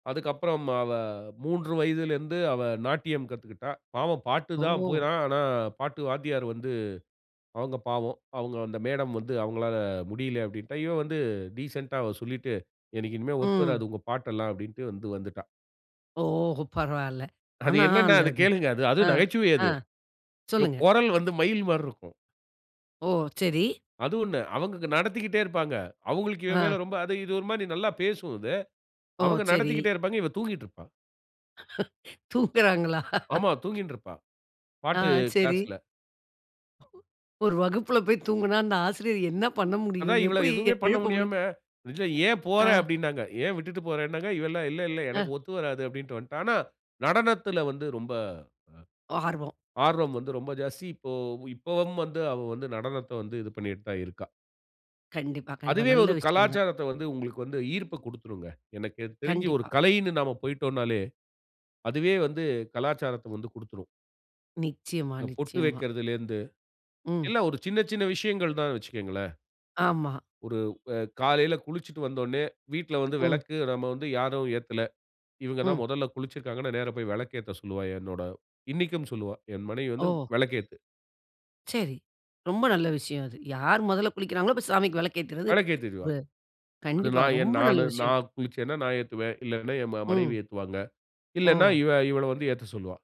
அதுக்கப்புறம் அவ, 3 வயதுல இருந்து அவ, நாட்டியம் கத்துக்கிட்டா. பாவம் பாட்டு தான் ஓ! போனா ஆனா, பாட்டு வாத்தியார் வந்து, அவங்க பாவம். அவங்க அந்த மேடம் வந்து அவங்களால முடியல அப்படின்ட்டா. இவ வந்து டிசென்டா அவ சொல்லிட்டு, "எனக்கு இனிமே ஒத்து ம். வராது உங்க பாட்டெல்லாம்" அப்படின்டு வந்து வந்துட்டா. ஓ! பரவாயில்லை. அது ஆனா, என்னென்னா அந்த அது அந்த கேளுங்க. அது அது அ, நகைச்சுவை அ. அது. இவ சொல்லுங்க. குரல் வந்து மயில் மாரிருக்கும். ஓ! சரி. அது ஒண்ணு. அவங்க அங்க நடத்திக்கிட்டே இருப்பாங்க. அவங்களுக்கு இவ அ. மேல ரொம்ப அது இது ஒரு மாதிரி நல்லா பேசும் இது. ஓ! அவங்க சரி. நடத்திகிட்டே இருப்பாங்க. இவ தூங்கிட்டுருப்பா. தூங்கறாங்களா?. ஆமா, தூங்கின்ட்டுருப்பா. அ, பாட்டு சரி. கிளாஸ்ல. ஒரு வகுப்புல போயி தூங்குனா, அந்த ஆசிரியர் என்ன பண்ண முடியும்? அதான் இவள எப்படி எ எதுவுமே பண்ண எழுப்ப முடியும்? முடியாம, [unintelligible] "ஏன் போற?" அ. அப்படின்னாங்க. ஏன் விட்டுட்டு போறனாங்க. இவெல்லாம், "இல்ல, இல்ல எனக்கு அ. ஒத்து வராது" அப்படின்டு வந்துட்டா. ஆனா, நடனத்துல வந்து ரொம்ப, ஆர்வம். அ ஆர்வம் வந்து ரொம்ப ஜாஸ்தி. இப்போ இப்பவும் வந்து அவ வந்து நடனத்த வந்து இது பண்ணிட்டு தான் இருக்கா. கண்டிப்பா, கண்டிப்பா. அதுவே நல்ல ஒரு விஷயம் தான். கலாச்சாரத்த வந்து உங்களுக்கு வந்து ஈர்ப்ப குடுத்துரும்ங்க. எனக்கு தெரிஞ்சு ஒரு கண்டிப்பா. கலைன்னு நம்ம போய்ட்டோம்னாலே, அதுவே வந்து கலாச்சாரத்த வந்து குடுத்துரும். நிச்சயமா, இந்த பொட்டு நிச்சயமா. வைக்கிறதிலேருந்து. ம். எல்லாம் ஒரு சின்ன, சின்ன விஷயங்கள் தான்னு வெச்சுக்கங்களேன். ஆமா. ஒரு அ, காலையில குளிச்சுட்டு வந்தோடனே வீட்டுல வந்து ம். விளக்கு, நம்ம வந்து யாரும் ஏத்தல. இவுங்க ம். தான் முதல்ல குளிச்சிருக்காங்கன்னா, நேர போயி விளக்கேத்த சொல்லுவா, என்னோட இன்னைக்கும் சொல்லுவா. என் மனைவி வந்து ஓ! விளக்கேத்து. சரி. ரொம்ப நல்ல விஷயம் அது. யாரு முதல்ல குளிக்கிறாங்களோ, போயி சாமிக்கு விளக்கு ஏத்துறது, வ விளக்கேத்திடுவா. அது கண்டிப்பா, நான் என் ரொம்ப நல்ல நானு விஷயம். நான் குளிச்சேன்னா நான் ஏத்துவேன். இல்லனா என் ம மனைவி ம். ஏத்துவாங்க. இல்லைனா ஓ! இவ இவள வந்து ஏத்த சொல்லுவா.